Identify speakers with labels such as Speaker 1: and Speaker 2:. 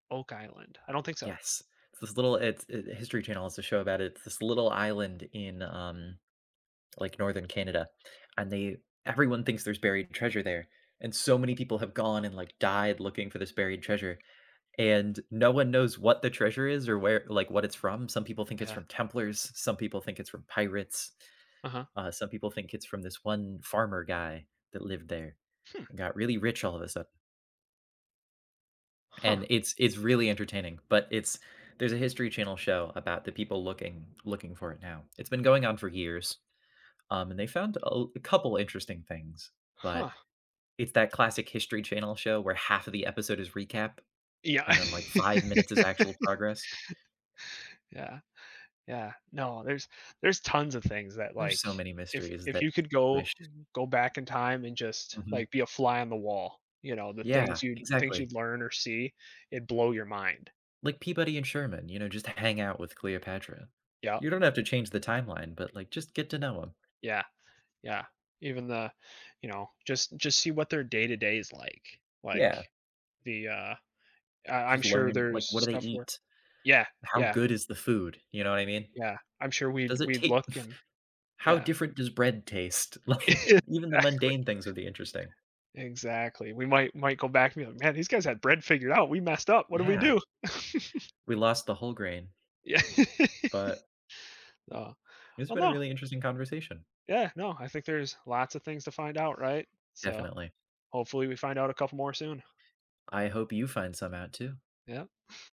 Speaker 1: Oak Island, I don't think so.
Speaker 2: Yes, this little, it's it the History Channel has a show about it's this little island in, um, like, Northern Canada, and they everyone thinks there's buried treasure there, and so many people have gone and, like, died looking for this buried treasure, and no one knows what the treasure is or where, like, what it's from. Some people think it's
Speaker 1: Yeah.
Speaker 2: from Templars, some people think it's from pirates.
Speaker 1: Uh-huh.
Speaker 2: Uh, some people think it's from this one farmer guy that lived there
Speaker 1: Hmm.
Speaker 2: and got really rich all of a sudden.
Speaker 1: Huh.
Speaker 2: And it's it's really entertaining, but it's there's a History Channel show about the people looking looking for it now. It's been going on for years, um, and they found a l couple interesting things, but
Speaker 1: Huh.
Speaker 2: it's that classic History Channel show where half of the episode is recap,
Speaker 1: Yeah.
Speaker 2: and then, like, 5 minutes is actual progress.
Speaker 1: Yeah, yeah. No, there's there's tons of things that
Speaker 2: There's
Speaker 1: like,
Speaker 2: so many
Speaker 1: if
Speaker 2: mysteries
Speaker 1: if
Speaker 2: that
Speaker 1: you
Speaker 2: I
Speaker 1: could go
Speaker 2: wish
Speaker 1: go back in time and just,
Speaker 2: Mhm.
Speaker 1: like, be a fly on the wall, you know, the
Speaker 2: Yeah,
Speaker 1: things you'd, things
Speaker 2: exactly.
Speaker 1: you'd learn or see, it'd blow your mind.
Speaker 2: Like, Peabody and Sherman, you know, just hang out with Cleopatra.
Speaker 1: Yeah.
Speaker 2: You don't have to change the timeline, but, like, just get to know 'em.
Speaker 1: Yeah, yeah, even the, you know, just just see what their day to day is, like
Speaker 2: Yeah.
Speaker 1: like, the, uh uh, I'm
Speaker 2: Just
Speaker 1: sure
Speaker 2: learn,
Speaker 1: there's
Speaker 2: like, what do they
Speaker 1: stuff where
Speaker 2: eat?
Speaker 1: yeah,
Speaker 2: How
Speaker 1: yeah.
Speaker 2: good is the food? You know what I mean?
Speaker 1: Yeah, I'm sure we'd
Speaker 2: Does it
Speaker 1: we'd look
Speaker 2: tast
Speaker 1: and,
Speaker 2: how
Speaker 1: yeah.
Speaker 2: different does bread taste? Like, even the
Speaker 1: Exactly.
Speaker 2: mundane things would be interesting.
Speaker 1: Exactly, we might might go back and be, like, man, these guys had bread figured out. We messed up. What do we
Speaker 2: Yeah.
Speaker 1: do?
Speaker 2: We lost the whole grain.
Speaker 1: Yeah.
Speaker 2: But
Speaker 1: Uh,
Speaker 2: It's
Speaker 1: oh,
Speaker 2: been a
Speaker 1: no.
Speaker 2: really interesting conversation.
Speaker 1: Yeah, no, I think there's lots of things to find out, right? So,
Speaker 2: Definitely.
Speaker 1: hopefully, we find out a couple more soon.
Speaker 2: I hope you find some out too.
Speaker 1: Yeah.